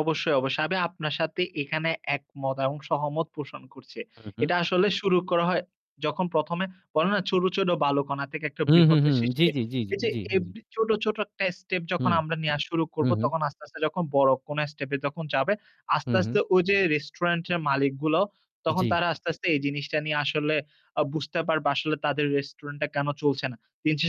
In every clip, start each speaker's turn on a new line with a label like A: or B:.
A: অবশ্যই, অবশ্যই। আমি আপনার সাথে এখানে একমত এবং সহমত পোষণ করছে।
B: হু, হু।
A: এটা আসলে শুরু করা হয় যখন প্রথমে বলে না ছোট, ছোট বালুকণা থেকে একটা
B: হু, হু, হু,
A: বৃহতের
B: জি,
A: সৃষ্টি।
B: জি, জি,
A: এই যে
B: জি, জি।
A: এভরি ছোট, ছোট একটা স্টেপ
B: হু,
A: যখন আমরা নেয়া শুরু
B: হু,
A: করব
B: হু।
A: তখন আস্তে, আস্তে যখন বড়কোন স্টেপ এ যখন যাবে
B: হু,
A: আস্তে,
B: হু।
A: আস্তে ওই যে রেস্টুরেন্টের মালিকগুলো তখন
B: জি।
A: তারা আস্তে, আস্তে এই জিনিসটা নিয়ে আসলে আ বুঝতে পারবে আসলে তাদের রেস্টুরেন্ট টা কেন চলছে না।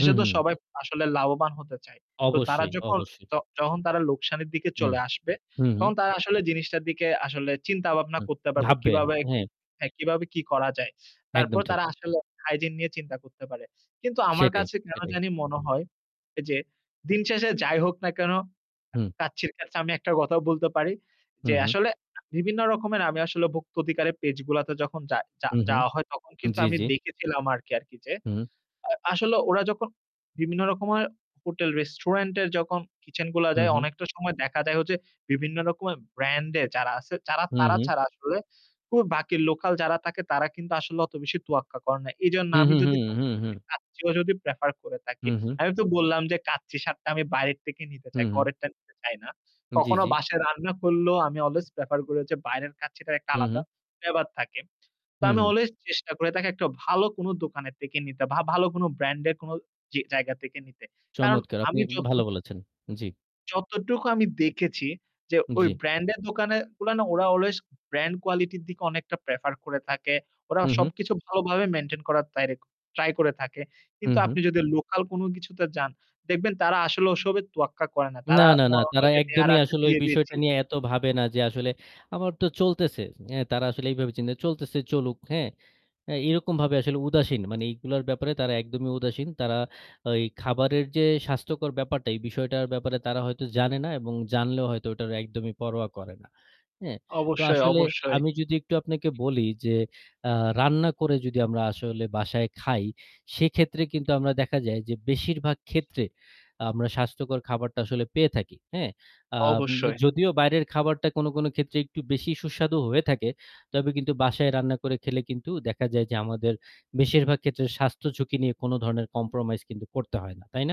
B: হু,
A: তো
B: হু।
A: সবাই আসলে লাভবান হতে চায়। তো তারা
B: অবশ্যই,
A: যখন
B: অবশ্যই।
A: ত যখন তারা লোকসানের দিকে
B: হুম,
A: চলে আসবে,
B: হুম, হু।
A: তখন তারা আসলে জিনিসটার দিকে আসলে চিন্তাভাবনা
B: হু,
A: করতে পারবে
B: ভাববে
A: কিভাবে কি
B: হ্যাঁ।
A: হ্যাঁ, কিভাবে কি করা যায়। তারপর
B: একদম ঠিক।
A: তারা আসলে হাইজিন নিয়ে চিন্তা করতে পারে। কিন্তু আমার
B: সেটাই,
A: কাছে কেন
B: সেটাই।
A: জানি মনে হয়, এই যে দিন শেষে যাই হোক না কেন,
B: হুম।
A: কাচ্চির কাছে আমি একটা কথাও বলতে পারি।
B: হু,
A: যে
B: হু।
A: আসলে বিভিন্ন রকমের আমি আসলে ভুক্ত অধিকারের পেজগুলাতে যখন যায়
B: হু, হু,
A: যাওয়া হয় তখন কিন্তু
B: জি,
A: আমি
B: জি।
A: দেখেছিলাম আরকি, আরকি যে।
B: হু।
A: আ আসলে ওরা যখন বিভিন্ন রকমের হোটেল-রেস্টুরেন্টে এর যখন কিচেন গুলা
B: হু,
A: যায়
B: হু।
A: অনেকটা সময় দেখা যায় যে বিভিন্ন রকমের ব্র্যান্ড এ যারা আছে যারা
B: হু,
A: তারা
B: হু।
A: ছাড়া আসলে খুব বাকি লোকাল যারা থাকে তারা কিন্তু আসলে অত বেশি তোয়াক্কা করে না। এজন্য
B: হু,
A: আমি
B: হু, হু,
A: যদি কখন
B: হু,
A: ও যদি
B: হু।
A: কাচ্চি ভাই যদি প্রেফার করে থাকি।
B: হু, হু।
A: আমি তো বললাম যে কাচ্চি স্বাদটা আমি বাইরের থেকে নিতে
B: হু,
A: চাই।
B: হু।
A: ঘরেরটা নিতে চাই না।
B: জি,
A: কখনো
B: জি।
A: বাসায় রান্না করলেও আমি অলওয়েজ প্রেফার করি যে বাইরের কাচ্চিটা একটা
B: হু, হু।
A: আলাদা flavor ব্যাপার থাকে। তো
B: হু,
A: আমি
B: হু।
A: অলওয়েজ চেষ্টা করে থাকি একটা ভাল কোন দোকানের থেকে নিতে বা ভালো কোন ব্র্যান্ড এর কোন জি, জায়গা থেকে নিতে। কারণ
B: চমৎকার আপনি
A: আমি যত
B: ভালো বলেছেন, জি।
A: যতটুকু আমি দেখেছি যে ঐ
B: জি।
A: ব্র্যান্ড এর দোকানে ওরা না অলওয়েজ ব্র্যান্ড কোয়ালিটি এর দিকে অনেকটা প্রেফার করে থাকে। ওরা
B: হু, হু।
A: সবকিছু ভালোভাবে মেইনটেইন করার [unintelligible] ট্রাই করে থাকে।
B: হু,
A: কিন্তু আপনি
B: হু।
A: যদি লোকাল কোন কিছুতে যান, দেখবেন তারা আসলে ওসবের তোয়াক্কা করে না।
B: না,
A: তারা
B: না, না।
A: মনে হয়
B: তারা
A: যে দেওয়ার
B: একদমই
A: আছে
B: আসলে ঐ
A: দিয়ে দিয়েছি।
B: বিষয়টা নিয়ে এত ভাবে না যে আসলে আমার তো চলতেছে। এ তারা আসলে এইভাবে চিনতে চলতেছে চলুক। হ্যাঁ, এ এরকমভাবে আসলে উদাসীন। মানে এগুলার ব্যাপারে তারা একদমই উদাসীন। তারা ঐ খাবারের যে স্বাস্থ্যকর ব্যাপারটা এই বিষয়টার ব্যাপারে তারা হয়তো জানে না এবং জানলেও হয়তো ওটারে একদমই পরোয়া করে না। হ্যাঁ, তো
A: অবশ্যই,
B: আসলে
A: অবশ্যই।
B: আমি যদি একটু আপনাকে বলি যে আ রান্না করে যদি আমরা আসলে বাসায় খাই, সেক্ষেত্রে কিন্তু আমরা দেখা যায় যে বেশিরভাগ ক্ষেত্রে আমরা স্বাস্থ্যকর খাবারটা আসলে পেয়ে থাকি। হ্যাঁ, আ
A: অবশ্যই।
B: যদিও বাইরের খাবারটা কোন, কোন ক্ষেত্রে একটু বেশি সুস্বাদু হয়ে থাকে তবে কিন্তু বাসায় রান্না করে খেলে কিন্তু দেখা যায় যে আমাদের বেশিরভাগ ক্ষেত্রে স্বাস্থ্য ঝুঁকি নিয়ে কোন ধরনের কম্প্রোমাইজ কিন্তু করতে হয় না। তাই না?